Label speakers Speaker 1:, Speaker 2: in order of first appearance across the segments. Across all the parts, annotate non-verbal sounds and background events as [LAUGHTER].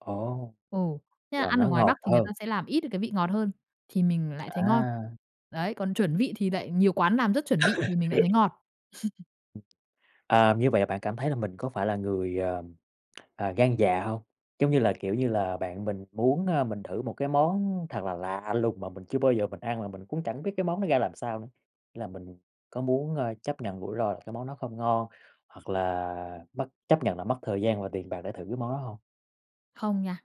Speaker 1: Ồ,
Speaker 2: Ồ, thế là
Speaker 1: là
Speaker 2: ăn ở
Speaker 1: nó
Speaker 2: ngoài Bắc
Speaker 1: ngọt
Speaker 2: thì người ta
Speaker 1: hơn.
Speaker 2: sẽ làm ít được cái vị ngọt hơn thì mình lại thấy ngon,
Speaker 1: À.
Speaker 2: đấy, còn chuẩn vị thì lại nhiều quán làm rất chuẩn vị thì mình lại thấy
Speaker 1: [LAUGHS]
Speaker 2: ngọt. [CHUCKLES]
Speaker 1: Ừm, à, như vậy là bạn cảm thấy là mình có phải là người, à, à, gan dạ hông? Giống như là, kiểu như là, bạn mình muốn, a, mình thử một cái món thật là lạ lùng mà mình chưa bao giờ mình ăn, mà mình cũng chẳng biết cái món đó ra làm sao nữa, là mình có muốn, ờ, chấp nhận rủi ro là cái món đó không ngon, hoặc là mất chấp nhận là mất thời gian và tiền bạc để thử cái món đó hông?
Speaker 2: Không nha.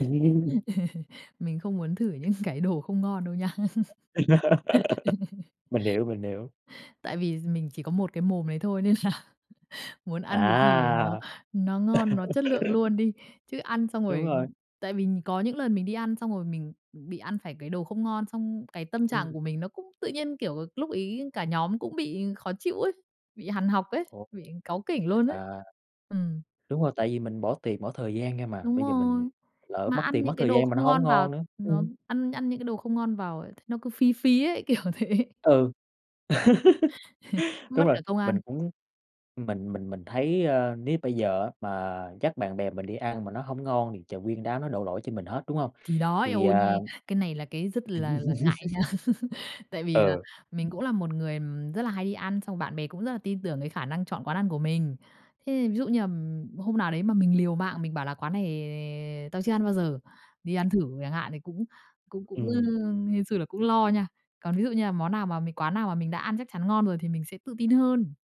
Speaker 1: Ừm.
Speaker 2: Mình không muốn thử những cái đồ không ngon đâu nha. [LAUGHS]
Speaker 1: [LAUGHS] Mình hiểu, mình hiểu.
Speaker 2: Tại vì mình chỉ có một cái mồm đấy thôi nên là muốn ăn cái gì nó
Speaker 1: À.
Speaker 2: nó ngon, nó chất lượng
Speaker 1: [LAUGHS]
Speaker 2: luôn đi, chứ ăn xong
Speaker 1: Đúng
Speaker 2: rồi
Speaker 1: rồi.
Speaker 2: tại vì có những lần mình đi ăn xong rồi mình, ừm, bị ăn phải cái đồ không ngon, xong cái tâm trạng
Speaker 1: Ừm.
Speaker 2: của mình nó cũng tự nhiên, kiểu, lúc ấy cả nhóm cũng bị khó chịu ấy, bị hằn học ấy,
Speaker 1: Ồ!
Speaker 2: bị cáu kỉnh luôn ấy.
Speaker 1: À.
Speaker 2: Ừm.
Speaker 1: Đúng rồi, tại vì mình bỏ tiền, bỏ thời gian ra mà,
Speaker 2: Đúng
Speaker 1: bây giờ mình
Speaker 2: rồi,
Speaker 1: lỡ
Speaker 2: mà
Speaker 1: mất
Speaker 2: ăn
Speaker 1: tiền, mất
Speaker 2: những cái
Speaker 1: thời
Speaker 2: đồ
Speaker 1: gian mà
Speaker 2: không
Speaker 1: nó hổng
Speaker 2: ngon vào,
Speaker 1: ngon nữa.
Speaker 2: nó
Speaker 1: Ừm.
Speaker 2: ăn ăn những cái đồ không ngon vào ấy, nó cứ phí phí ấy, kiểu thế.
Speaker 1: Ừ.
Speaker 2: [LAUGHS]
Speaker 1: [LAUGHS]
Speaker 2: Mất
Speaker 1: Đúng rồi,
Speaker 2: cả công ăn.
Speaker 1: mình cũng mình mình mình thấy, ơ, nếu bây giờ á mà dắt bạn bè mình đi ăn mà nó hông ngon, thì trời, nguyên đám nó đổ lỗi cho mình hết, đúng hông?
Speaker 2: Thì đó, eo
Speaker 1: Thì,
Speaker 2: ôi
Speaker 1: à
Speaker 2: nghe! Cái này là cái rất là là ngại nha,
Speaker 1: [LAUGHS]
Speaker 2: [LAUGHS] tại vì là
Speaker 1: Ừ.
Speaker 2: mình cũng là một người, ừm, rất là hay đi ăn, xong rồi bạn bè cũng rất là tin tưởng cái khả năng chọn quán ăn của mình. Thế ví dụ như, ừm, hôm nào đấy mà mình liều mạng mình bảo là "Quán này tao chưa ăn bao giờ, đi ăn thử" chẳng hạn, thì cũng cũng cũng, ơ,
Speaker 1: Ừm.
Speaker 2: hên xui, là cũng lo nha, còn ví dụ như là món nào mà mình quán nào mà mình đã ăn chắc chắn ngon rồi thì mình sẽ tự tin hơn.